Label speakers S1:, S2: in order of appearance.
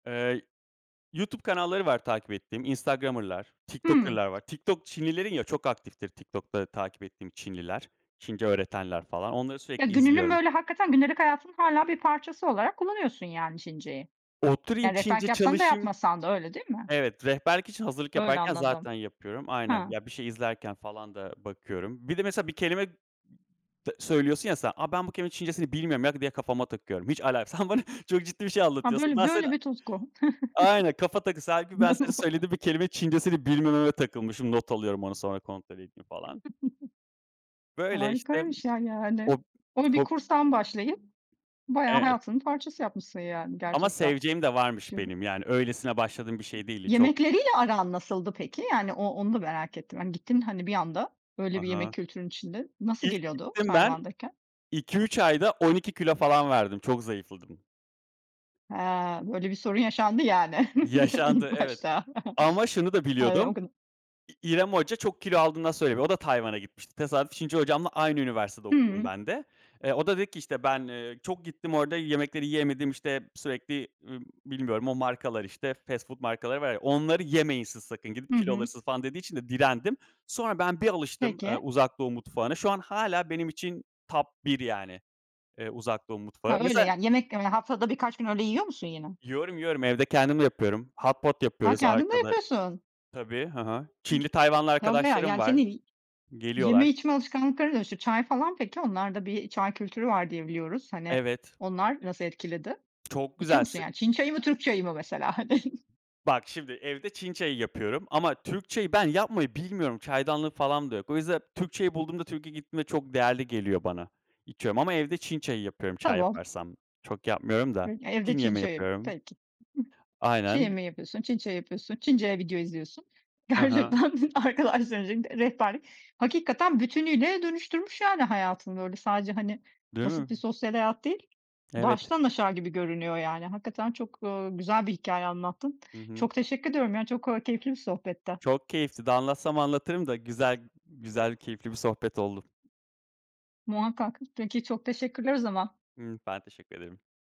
S1: Eee, YouTube kanalları var takip ettiğim, Instagrammerlar,
S2: Hımm.
S1: TikTokerlar var. TikTok Çinlilerin ya, çok aktiftir TikTok'ta takip ettiğim Çinliler, Çince öğretenler falan. Onları
S2: Ya,
S1: sürekli
S2: gününün,
S1: izliyorum.
S2: böyle, hakikaten gündelik hayatının hâlâ bir parçası olarak kullanıyorsun yani Çinceyi.
S1: Oturayım,
S2: Yani,
S1: Çince
S2: rehberlik yapsan da
S1: çalışayım
S2: yapmasan da öyle, değil mi?
S1: Evet, rehberlik için hazırlık
S2: Öyle
S1: yaparken
S2: anladım.
S1: zaten yapıyorum. Aynen,
S2: Ha.
S1: ya, bir şey izlerken falan da bakıyorum. Bir de, mesela, bir kelime tı söylüyorsun ya, sen. Ben bu kelimenin Çincesini bilmiyorum ya, diye kafama takıyorum. Hiç alakas Sen bana çok ciddi bir şey
S2: Ha,
S1: anlatıyorsun.
S2: böyle
S1: Ben
S2: böyle
S1: sana
S2: bir tutku.
S1: Aynen, kafa takısı. Hâlbuki ben senin söylediğin bir kelimenin Çincesini bilmememe takılmışım. Not alıyorum onu, sonra kontrol edeyim falan. Böyle, işte.
S2: Harikaymış ya, yani.
S1: Hob
S2: Onu bir
S1: hob
S2: kurstan başlayıp bayağı
S1: Evet.
S2: hayatının parçası yapmışsın, yani,
S1: Ama
S2: gerçekten.
S1: seveceğim de varmış
S2: Çin'i
S1: benim. Yani öylesine başladığım bir şey değildi. Çok
S2: Yemekleriyle aran nasıldı peki? Yani, o onu da merak ettim. Hani, gittin, hani, bir anda öyle
S1: Ha
S2: bir
S1: ha.
S2: yemek kültürünün içinde, nasıl
S1: İlk
S2: geliyordu
S1: gittim ben.
S2: Tayvan'dayken?
S1: 2-3 ayda 12 kilo falan verdim. Çok zayıfladım.
S2: Ha, böyle bir sorun yaşandı, yani, ilk
S1: Yaşandı, evet.
S2: başta.
S1: Ama şunu da
S2: Ha,
S1: biliyordum.
S2: o kadın
S1: İ İrem Hoca çok kilo aldığından söyleniyor. O da Tayvan'a gitmişti. Tesadüf, Çince hocamla aynı üniversitede okudum
S2: Hımm.
S1: ben de. Eee, o da dedi ki, işte, "Ben, eee, çok gittim. Orada yemekleri yiyemedim, işte, sürekli, ııı, bilmiyorum, o markalar, işte, fast food markaları var ya, onları yemeyin siz sakın, gidip
S2: Hı
S1: kilo
S2: hı.
S1: alırsınız." falan dediği için de direndim. Sonra ben bir alıştım, ııı,
S2: Peki.
S1: Uzak Doğu mutfağına. Şu an hâlâ benim için top 1 yani, eee, Uzak Doğu mutfağı.
S2: Ha, öyle.
S1: Mesela
S2: Yani, yemek yemeye haftada birkaç gün öyle yiyor musun yine?
S1: Yiyorum, yiyorum. Evde kendim de yapıyorum. Hot pot
S2: Ha,
S1: yapıyoruz
S2: kendin de
S1: arkada
S2: yapıyorsun.
S1: Tabii, hı hı.
S2: Hı
S1: Çinli, Tayvanlı
S2: Tabii ay
S1: arkadaşlarım
S2: Yani,
S1: var,
S2: senin yeme
S1: geliyorlar.
S2: içme alışkanlıklarına dönüşüyor. Çay falan peki? Onlarda bir çay kültürü var diye biliyoruz. Hani,
S1: Evet.
S2: onlar nasıl etkiledi?
S1: Çok
S2: İçiyor
S1: güzel
S2: musun
S1: s
S2: yani? Çin çayı mı, Türk çayı mı mesela, hani?
S1: Bak, şimdi, evde Çin çayı yapıyorum ama Türk çayı ben yapmayı bilmiyorum. Çaydanlığım falan da yok. O yüzden Türk çayı bulduğumda, Türkiye'ye gittiğimde çok değerli geliyor bana. İçiyorum ama evde Çin çayı yapıyorum, çay
S2: Tamam.
S1: yaparsam. Çok yapmıyorum da.
S2: [unintelligible] Ya, evde
S1: Çin
S2: Çin
S1: yemeği
S2: çayı.
S1: yapıyorum.
S2: Peki. Çin
S1: Aynen.
S2: yemeği yapıyorsun, Çin çayı yapıyorsun, Çince video izliyorsun.
S1: I hı.
S2: Gerçekten arkadaşların [unintelligible] rehberlik. Hakikaten bütünüyle dönüştürmüş, yani, hayatını. Böyle, sadece, hani,
S1: Değil mi?
S2: basit bir sosyal hayat değil,
S1: Evet.
S2: baştan aşağı gibi görünüyor yani. Hakikaten çok, ııı, güzel bir hikâye anlattın.
S1: Hı hı.
S2: Çok teşekkür ediyorum ya, çok, ııı, keyifli bir sohbetti.
S1: Çok keyifli. Daha anlatsam anlatırım da güzel güzel keyifli bir sohbet oldu.
S2: Muhakkak. Peki, çok teşekkürler o zaman.
S1: Hımm. Ben teşekkür ederim.